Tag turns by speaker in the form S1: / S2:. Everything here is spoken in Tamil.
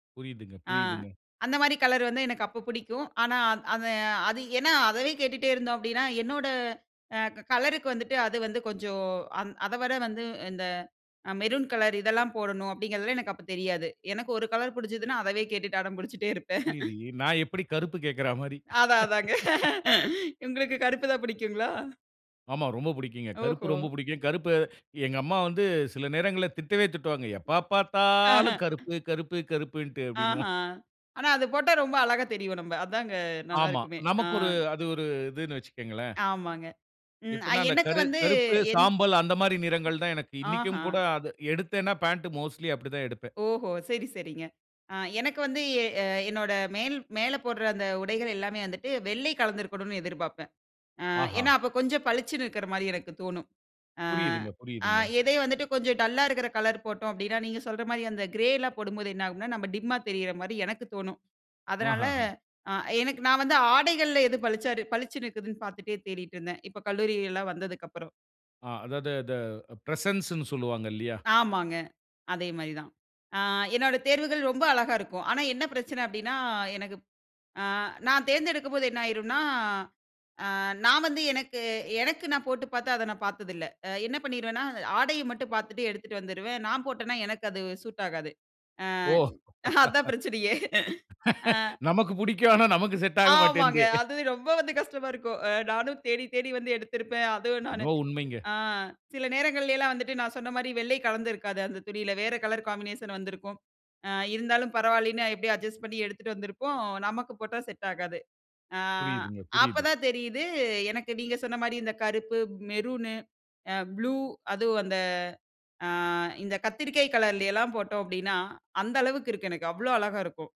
S1: புரியுதுங்க
S2: ஆ
S1: புரியுதுங்க.
S2: அந்த மாரி கலர் வந்து எனக்கு அப்ப புடிக்கும். ஆனா, அது அது ஏன்னா அதவே கேட்டுகிட்டே இருந்தோம் அப்டின்னா, என்னோட அ கலருக்கு வந்துட்டு, அது வந்து கொஞ்சம் அத வர வந்து, இந்த மெரூன் கலர் இதெல்லாம் போடணும் அப்படிங்கிறதெல்லாம் எனக்கு அப்போ தெரியாது. எனக்கு ஒரு கலர் பிடிச்சதுனா, அதவே கேட்டுட்டு அடம்பிடிச்சிட்டே இருப்பேன்.
S1: புரியுது. நான் எப்டி கருப்பு கேக்றா மாரி!
S2: அதான் அதாங்க. உங்களுக்கு கருப்பு தான் பிடிக்குங்களா?
S1: ஆமா, ரொம்ப பிடிக்குங்க. கருப்பு
S2: ஓஹோ!
S1: ரொம்ப பிடிக்கும். கருப்பு எங்க அம்மா வந்து சில நேரங்கள்ல திட்டவே திட்டுவாங்க, எப்போ பார்த்தாலும் கருப்பு கருப்பு கருப்புன்ட்டு
S2: ஆஹ.
S1: அப்டினுவான்.
S2: ஆனா அது போட்டா ரொம்ப அழகா தெரிவோம் நம்ப. அதாங்க
S1: ஆமா,
S2: நல்லாயிருக்குமே, அ.
S1: நமக்கு ஒரு அது ஒரு, இதுன்னு வைச்சுக்கோங்களேன்.
S2: ஆமாங்க, ம்
S1: எப்டினா அந்த
S2: எனக்கு
S1: கரு
S2: வந்து
S1: கருப்பு
S2: எந்
S1: சாம்பல், அந்த மாரி நிறங்கள் தான் எனக்கு இன்னைக்கும் கூட
S2: ஆஹ.
S1: அது எடுத்தேனா பாண்ட் மோஸ்ட்லி அப்படி தான் எடுப்பேன்.
S2: ஓஹோ சரி சரிங்க. ஆ எனக்கு வந்து எ என்னோட மேல் மேலே போடுற அந்த உடைகள் எல்லாமே வந்துட்டு, வெள்ளை கலந்திருக்கணும்னு எதிர்பார்ப்பேன். அ ஏன்னா,
S1: ஆஹா!
S2: அப்போ கொஞ்சம் பளிச்சுன்னு இருக்கிற மாதிரி எனக்கு தோணும்.
S1: புரியுதுங்க
S2: ஆ
S1: புரியுதுங்க
S2: எதயும் வந்துட்டு கொஞ்சம் டல்லா இருக்கிற கலர் போட்டோம் அப்படின்னா, நீங்க சொல்ற மாதிரி, அந்த கிரே எல்லாம் போடும்போது, என்ன ஆகும்ன்னா, "நம்ம டிம்மா தெரிற மாதிரி" எனக்கு தோணும். அதனால,
S1: ஆஹஹ.
S2: அ எனக்கு நான் வந்து ஆடைகள்ல, எது பளிச்சா பளிச்சுனு இருக்குதுன்னு பார்த்துட்டே தேடிட்டு இருந்தேன். இப்போ கல்லூரிலாம் வந்ததுக்கப்புறம்.
S1: ஆ அதாவது த அது பிரசன்ஸ்னு சொல்வாங்க இல்லயா?
S2: ஆமாங்க. அதே மாரி தான். ஆ என்னுடைய தேர்வுகள் ரொம்ப அழகா இருக்கும். ஆனா, என்ன பிரச்சனை அப்டினா, எனக்கு அ நான் தேர்ந்தெடுக்கும்போது என்ன ஆயிரும்னா, அ நான் வந்து எனக்கு- எனக்கு நான் போட்டு பார்த்து அத நான் பார்த்ததில்லை, என்ன பண்ணிருவேனா ஆடைய மட்டும் பார்த்துட்டு எடுத்துட்டு வந்துருவேன், நான் போட்டேனா எனக்கு அது சூட் ஆகாது. அ
S1: ஓ!
S2: அதுதான் பிரச்சனையே! அ.
S1: நமக்கு பிடிக்கும். ஆனா, நமக்கு செட் ஆக
S2: ஆமாங்க
S1: மாட்டேங்குது.
S2: அது ரொம்ப வந்து கஷ்டமா இருக்கும். அ நானும் தேடி தேடி வந்து எடுத்திருப்பேன். அதுவும் நானு,
S1: [unintelligible] உண்மைங்க.
S2: அ சில நேரங்களைலாம் வந்துட்டு, நான் சொன்ன மாரி வெள்ளை கலந்திருக்காது அந்த துணியில. வேறு கலர் காம்பினேஷன் வந்திருக்கும். அ இருந்தாலும் பரவாயில்லன்னு, எப்படியும் அட்ஜஸ்ட் பண்ணி எடுத்துட்டு வந்திருப்போம், நமக்கு போட்டா செட் ஆகாது. அ
S1: புரியுதுங்க
S2: அப்ப
S1: புரியுது.
S2: தான் தெரியுது, எனக்கு நீங்க சொன்ன மாரி, இந்த கருப்பு, மெரூனு, ப்ளூ அதுவும் அந்த, ஆ இந்த கத்திரிக்காய் கலர்லயலாம் போட்டோம் அப்டின்னா, அந்த அளவுக்கு இருக்கு. எனக்கு அவ்ளோ அழகா இருக்கும்.